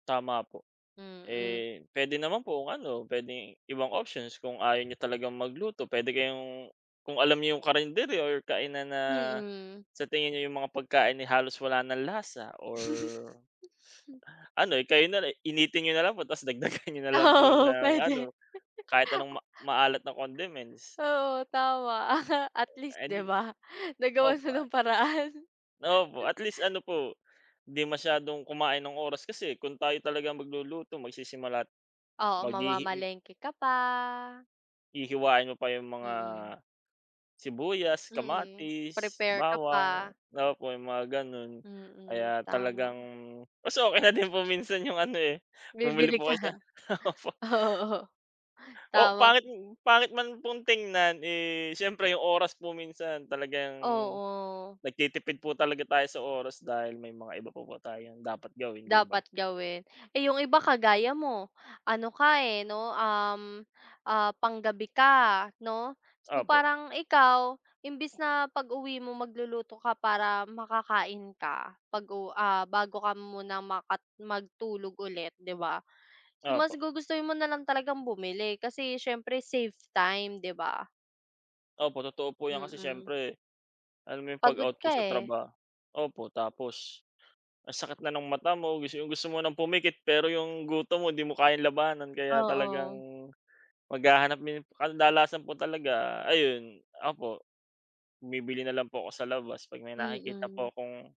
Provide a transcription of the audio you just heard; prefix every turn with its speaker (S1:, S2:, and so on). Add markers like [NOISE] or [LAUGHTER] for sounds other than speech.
S1: Tama po.
S2: Mm.
S1: Eh, pwede naman po kung ano, pwedeng ibang options kung ayaw niyo talagang magluto, pwede kayong kung alam nyo yung carinderia or kainan na
S2: Mm.
S1: sa tingin niyo yung mga pagkain, eh, halos wala ng lasa or
S2: [CHUCKLES]
S1: ano kayo na lang, initin niyo na lang tapos dagdagan niyo na lang po
S2: Oo
S1: ng
S2: pwede.
S1: ano kahit anong ma
S2: [CHUCKLES]
S1: maalat na condiments.
S2: Oo tama. [CHUCKLES] At least
S1: Eh,
S2: di
S1: di
S2: ba? Nagawan
S1: opo,
S2: siya
S1: ah.
S2: ng paraan.
S1: Opo, at least ano po di masyadong kumain ng oras. Kasi kung tayo talaga magluluto, magsisimula at
S2: Oo,
S1: maghihi
S2: mamamalengke ka pa.
S1: Hihiwain mo pa yung mga
S2: Mhm.
S1: sibuyas,
S2: Mhm,
S1: kamatis,
S2: prepare ka
S1: bawang,
S2: pa.
S1: opo yung mga ganun.
S2: Mm,
S1: Kaya
S2: tama.
S1: talagang mas okey na din po minsan yung ano eh bumili
S2: Bibili
S1: po
S2: ka,
S1: kayo sa
S2: [CHUCKLES]
S1: [CHUCKLES] opo.
S2: oo,
S1: Oo,
S2: tama.
S1: pangit pangit man pong tignan. Eh, siyempre yung oras po minsan talagang
S2: Oo.
S1: nagtitipid po talaga tayo sa oras dahil may mga iba pa po tayong dapat gawin, di ba?
S2: Dapat gawin. Eh yung iba kagaya mo ano ka eh no? Uhm ah, pang-gabi ka, no? So
S1: Opo.
S2: parang ikaw imbes na pag-uwi mo magluluto ka para makakain ka, pag-u ah, bago ka muna maka matulog ulit di ba. So mas
S1: Opo.
S2: gugustuhin mo nalang talagang bumili kasi siyempre save time, di ba?
S1: Opo totoo po yan. Kasi
S2: Mm.
S1: siyempre alam mo yung
S2: Pagod
S1: pag-out
S2: ka
S1: po sa
S2: eh.
S1: trabaho, opo. Tapos ang sakit na ng mata mo, gusto yung gusto mo ng pumikit pero yung gutom mo di mo kayang labanan kaya talagang
S2: Oo.
S1: maghahanap mi kadalasan po talaga, ayun, opo, bumibili na lang po ako sa labas pag may nakikita
S2: Mm.
S1: po akong